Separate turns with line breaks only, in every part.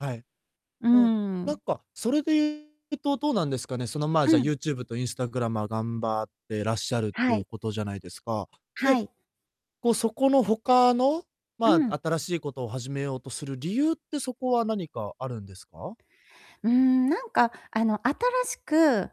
はい。
うー
ふん、な
ん。
んか、それでゆうとどうなんですかね、その、まあ、
う
じゃ、
ん。
YouTube とインスタグラマー頑張ってらっしゃるって
は
ゆう
い。
ことじゃないですか。
は
で、
い。
こう、そこの他の、
う
ま
ん。
あ、新しいことを始めようとする理由って、そこは何かあるんですか？
うーん、なんか、あの、新しく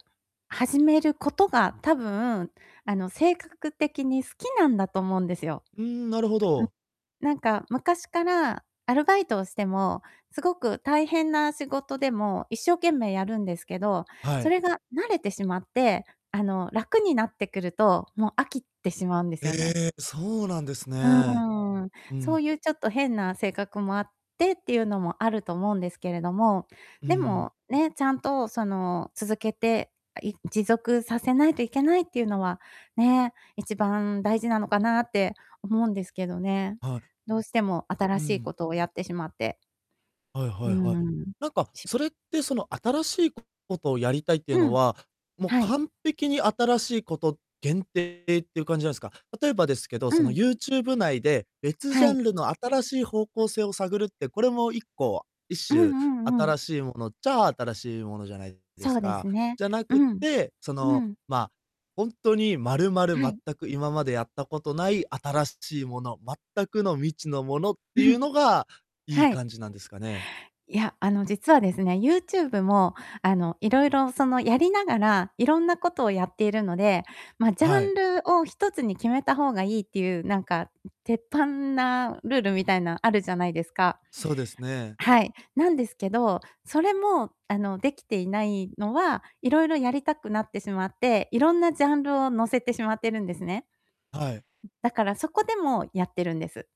始めることが、多分、あの、せいかかく的に好きなんだと思うんですよ。
うーん、なるほど。
ん。なんか昔から、アルバイトをしても、すごく大変な仕事でも一生懸命やるんですけど、
は
そ
い。
れが慣れてしまって、あの、楽になってくると、もう飽きてしまうんですよね。
ええ、そうなんです
う
ね。
んうん。
う
そう
ん。
ゆうちょっと変な性格もあってってゆうのもあると思うんですけれども、
う
で
ん。
も、ね、ちゃんと、その、続けて、あ、い持続させないといけないってゆうのはね、1番大事なのかなって思うんですけどね。
は
どうしても
い。
新
う
しい
ん。
ことをやってしまって
はい
う
はいはい。
ーん。
なんか、
し
それって、その、新しいことをやりたいっていう
う
の
ん。
は、もう、
はい。
完璧に新しいこと限定っていう感じなんすか？例えばですけど、
う
その、
ん。
YouTube 内で別ジ
は
ャ
い。
ンルの新しい方向性を探るって、これも1個一
うん
種、
うんうん。
新しいものっちゃ新しいものじゃないで
そ
す
うで
か。
すね。
じゃな
う
く
ん。
て、そ
う
の、
ん。
まあ、ほんとにまるまる
は
全
い。
く、今までやったことない新しいもの、全くの未知のものっ
う
てゆう
ふ。
のが、いい
は
感
い。
じなんですかね？
いや、あの、実はですね、YouTube も、あの、いろいろ、その、やりながら、いろんなことをやっているので、ま、ジャ
は
ン
い。
ルを1つに決めた方がいいってゆう、なんか、ん、鉄板なルールみたいなあるじゃないですか。
そうですね。
はい。なんですけど、それも、あの、できていないのは、いろいろやりたくなってしまって、いろんなジャンルを載せてしまってるんですね。
はい。
だからそこでもやってるんです。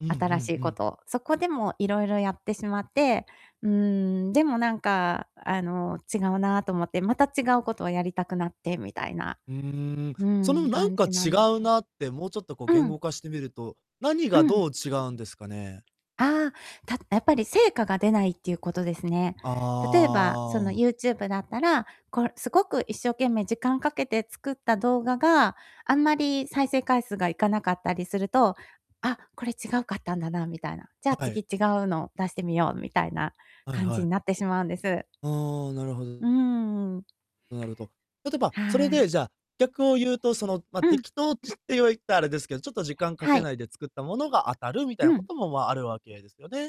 うんう
新し
ん
い
う
こ
ん。
とを。そこでもいろいろやってしまって、うーん、でもなんか、あの、違うなと思って、また違うことをやりたくなって、みたいな、
うーん、
う
その、
ん、
なん
感
か
じな
違
んです、
うなって、もうちょっと、こう、
ん。
言
うん。
語化してみると、何
う
が
ん。
どう違うんですかね？
ああ、たやっぱり成果が出ないっていうことですね。
あ
例えば、その、
あ。
YouTube だったら、こう、すごく一生懸命時間かけて作った動画が、あんまり再生回数がいかなかったりすると、あ、これ違うかったんだなみたいな。じゃあ、
は
次、
い。
違うのを出してみようみたいな
はい
感
は
じに
い。
なってしまうんです。
ああ、なるほ
うー
ど。
ん。
なるほど。例えば、それ
はい。
で、じゃあ、逆をゆうと、その、ま、
うん。
適当っては、言った、あれですけど、ちょっと時間か
は
けな
い。
いで作ったものが当たるみたい
う
なこ
ん。
とも、まあ、あるわけですよね？